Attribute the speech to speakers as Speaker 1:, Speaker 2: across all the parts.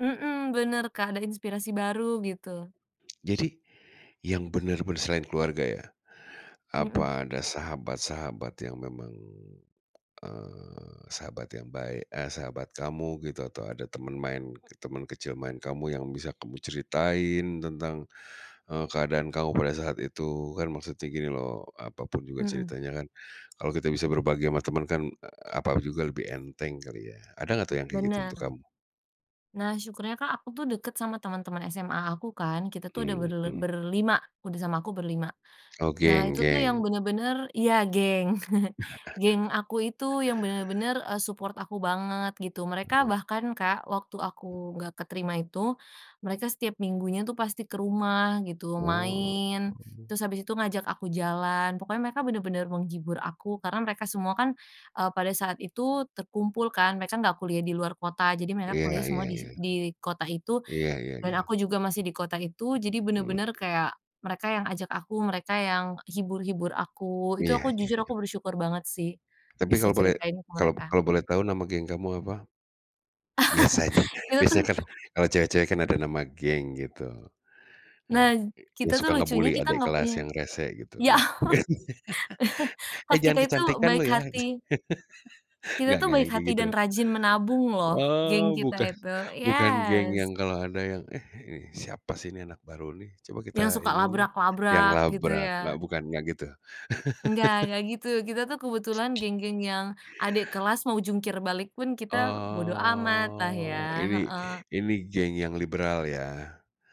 Speaker 1: Mhm. Benar, Kak, ada inspirasi baru gitu.
Speaker 2: Jadi yang benar-benar selain keluarga ya,
Speaker 1: Mhm.
Speaker 2: apa ada sahabat-sahabat yang memang, eee, sahabat yang baik, eee, sahabat kamu gitu atau ada teman main, ke teman kecil main kamu yang bisa kamu ceritain tentang, eee, keadaan kamu pada saat itu? Kan maksudnya gini loh, apapun juga
Speaker 1: Mhm.
Speaker 2: ceritanya kan kalau kita bisa berbagi sama teman kan, eee, apa juga lebih enteng kali ya, ada enggak tuh yang kayak gitu untuk
Speaker 1: Benar.
Speaker 2: kamu?
Speaker 1: Nah, syukurnya, Kak, aku tuh dekat sama teman-teman SMA aku kan. Kita tuh ada berle
Speaker 2: Mhm.
Speaker 1: berlima udah sama aku berlima
Speaker 2: Oh,
Speaker 1: Nah
Speaker 2: geng
Speaker 1: itu tuh yang
Speaker 2: geng?
Speaker 1: benar-benar iya geng. Geng aku itu yang benar-benar, eee, support aku banget gitu. Mereka
Speaker 2: Benar.
Speaker 1: bahkan, Kak, waktu aku enggak keterima itu, mereka setiap minggunya tuh pasti ke rumah gitu
Speaker 2: Oh
Speaker 1: main,
Speaker 2: oh.
Speaker 1: terus abis itu ngajak aku jalan. Pokoknya mereka benar-benar menghibur aku karena mereka semua kan, eee, pada saat itu terkumpul kan, mereka enggak kuliah di luar kota, jadi mereka
Speaker 2: Iya
Speaker 1: kuliah
Speaker 2: iya
Speaker 1: semua di si
Speaker 2: iya.
Speaker 1: di kota itu
Speaker 2: Iya iya
Speaker 1: dan
Speaker 2: iya.
Speaker 1: aku juga masih di kota itu. Jadi
Speaker 2: Mhm.
Speaker 1: benar-benar kayak mereka yang ajak aku, mereka yang hibur-hibur aku. Itu aku
Speaker 2: Iya iya
Speaker 1: jujur,
Speaker 2: iya.
Speaker 1: aku bersyukur banget sih
Speaker 2: Tapi
Speaker 1: bisa
Speaker 2: kalau boleh
Speaker 1: ceritain ke mereka.
Speaker 2: kalau boleh tahu, nama geng kamu apa? Biasanya
Speaker 1: Kita tuh
Speaker 2: biasanya kan kalau cewek-cewek kan ada nama geng gitu.
Speaker 1: Nah
Speaker 2: Heeh.
Speaker 1: z kita
Speaker 2: Yang
Speaker 1: tuh
Speaker 2: suka
Speaker 1: lucunya
Speaker 2: nge-bully
Speaker 1: kita
Speaker 2: adek
Speaker 1: enggak
Speaker 2: kelas
Speaker 1: punya
Speaker 2: yang resek gitu,
Speaker 1: iya.
Speaker 2: engak? "Eh,
Speaker 1: Kelas
Speaker 2: jangan
Speaker 1: kita itu
Speaker 2: kecantikan
Speaker 1: baik
Speaker 2: lo ya!"
Speaker 1: hati Kita
Speaker 2: Enggak
Speaker 1: tuh
Speaker 2: enggak yang
Speaker 1: baik
Speaker 2: kayak
Speaker 1: hati
Speaker 2: gitu?
Speaker 1: dan rajin menabung loh, geng
Speaker 2: Oh
Speaker 1: kita
Speaker 2: bukan
Speaker 1: itu
Speaker 2: bukan geng
Speaker 1: yes.
Speaker 2: yang kalau ada yang, "Eh, ini siapa sih ini anak baru nih, coba kita
Speaker 1: Yang suka
Speaker 2: iniin dong." Yang
Speaker 1: labrak-labrak gitu,
Speaker 2: labrak, enggak?
Speaker 1: ya?
Speaker 2: Bukan? Enggak gitu?
Speaker 1: Enggak enggak gitu. Kita tuh kebetulan geng-geng yang adek kelas mau jungkir balik pun kita bodo amatlah ya
Speaker 2: Oh, ini
Speaker 1: heeh.
Speaker 2: ini geng yang liberal ya?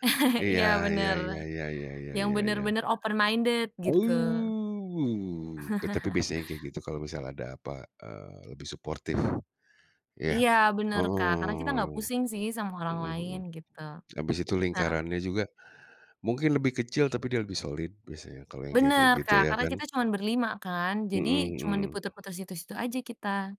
Speaker 2: Iya
Speaker 1: Iya
Speaker 2: iya
Speaker 1: benar.
Speaker 2: iya iya iya iya
Speaker 1: Yang
Speaker 2: iya iya.
Speaker 1: benar-benar open-minded gitu.
Speaker 2: Oh. Eh, tapi biasanya yang kayak gitu kalau misal ada, apa, eee, lebih suportif. Iya?
Speaker 1: Iya benar, Kak,
Speaker 2: Oh,
Speaker 1: karena kita enggak pusing sih sama orang
Speaker 2: mhm mhm.
Speaker 1: lain gitu.
Speaker 2: Habis itu
Speaker 1: Heeh.
Speaker 2: lingkarannya juga mungkin lebih kecil, tapi dia lebih solid biasanya kalau yang kayak-kayak
Speaker 1: Benar,
Speaker 2: gitu,
Speaker 1: Kak,
Speaker 2: iya
Speaker 1: karena
Speaker 2: kan?
Speaker 1: kita cuma berlima kan. Jadi
Speaker 2: Mmm,
Speaker 1: cuma
Speaker 2: mhm.
Speaker 1: diputer-puter situ-situ aja kita.